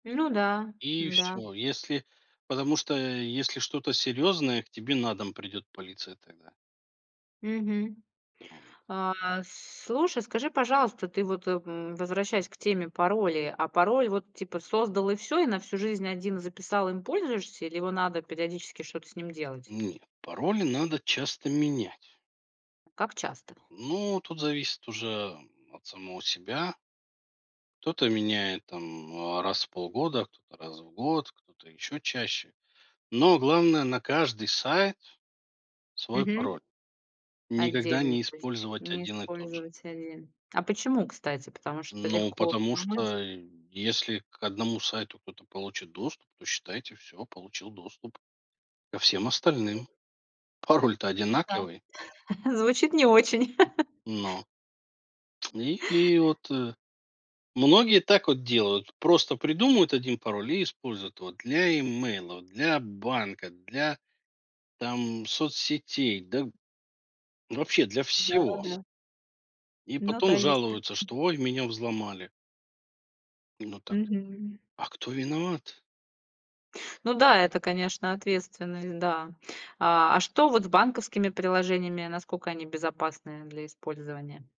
Ну да, И да. всё, и если потому что если что-то серьезное, к тебе на дом придет полиция тогда. Мгм. Вот. А, слушай, скажи, пожалуйста, ты вот, э, м, возвращаясь к теме паролей. А пароль вот, типа, создал и всё, и на всю жизнь 1 записал, им пользуешься, или его надо периодически что-то с ним делать? Нет. Пароли надо часто менять. Как часто? Ну, тут зависит уже, м, от самого себя. Кто-то меняет там, э, раз в полгода, кто-то- раз в год, кто-то- ещё чаще. Но главное- на каждый сайт свой Мгм. пароль, никогда Отдельно не то есть. использовать Не 1 и тот же. использовать 1. А почему, кстати? Потому что Ну легко потому взломать? что, й если к 1 сайту кто-то получит доступ, то, считайте, всё, получил доступ ко всем остальным: пароль-то Ну да. одинаковый. Звучит не очень. Но И, и вот, э Многие так вот делают: просто придумают 1 пароль и используют его для имейла, для банка, для, там, соцсетей, да, б вообще для всего. Да-да-да. И Ну да, потом есть. жалуются, что: [unintelligible] "Ой, меня взломали". Именно так. Мгм. А кто виноват? Ну да, это, конечно, ответственность, да. А, а что вот с банковскими приложениями, насколько они безопасны, э, для использования?